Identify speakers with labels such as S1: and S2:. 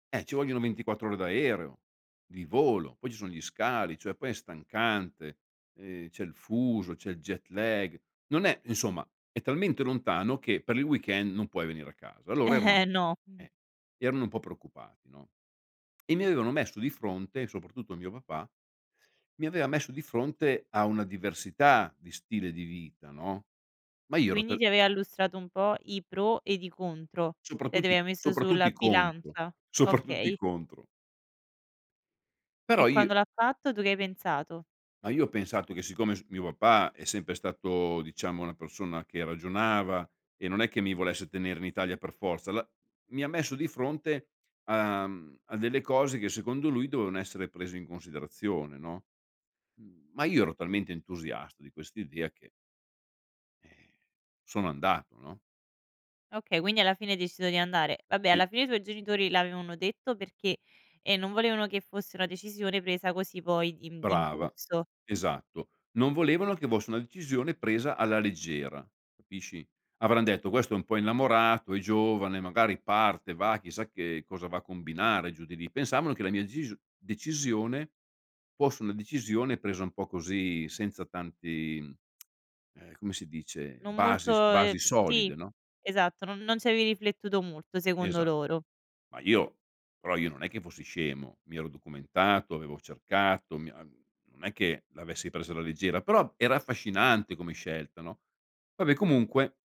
S1: Eh, ci vogliono 24 ore d'aereo. Di volo. Poi ci son gli scali, cioè poi è stancante, ehm, c'è il fuso, c'è il jet lag. Non è insomma è talmente lontano che per il weekend non puoi venire a casa. Allora erano
S2: No, mh.
S1: eh, erano un po' preoccupati, no, e mi avevano messo di fronte, soprattutto mio papà, mi aveva messo di fronte a una diversità di stile di vita, no. Ma io ero
S2: Quindi
S1: tal
S2: ti aveva illustrato un po' i pro ed i contro? E te
S1: Soprattutto
S2: le
S1: i
S2: ha messe
S1: soprattutto
S2: sulla
S1: i contro.
S2: bilancia?
S1: Soprattutto i
S2: Okay.
S1: contro.
S2: E
S1: Però io
S2: quando l'ha fatto, tu che hai pensato?
S1: Ma io ho pensato che siccome s mio papà è sempre stato diciamo, una persona che ragionava e non è che mi volesse tenere in Italia per forza, alla mi ha messo di fronte a mhmm, a delle cose che secondo lui dovevano essere prese in considerazione, no. Mhmm, ma io ero talmente entusiasta di quest'idea che eh, sono andato, no?
S2: Okay, quindi alla fine hai deciso di andare. Vabbè
S1: Sì.
S2: alla fine i tuoi genitori l'avevano detto perché, ehm, non volevano che fosse una decisione presa così poi d'im
S1: Brava,
S2: d'impulso.
S1: esatto. Non volevano che fosse una decisione presa alla leggera, capisci? Avran detto: "Questo è un po' innamorato, è giovane, magari parte, va, chissà che cosa va a combinare giù di lì." Pensavano che la mia decisio decisione fosse una decisione presa un po' così, senza tanti, mhmm, ehm, come si dice?
S2: Non
S1: Basi s
S2: molto,
S1: basi
S2: ehm sì
S1: solide, no?
S2: esatto. Non non ci avevi riflettuto molto secondo
S1: Esa
S2: loro.
S1: ma io però io non è che fossi scemo: mi ero documentato, avevo cercato, mi uhm, non è che l'avessi preso alla leggera, però era affascinante come scelta, no. Vabbè comunque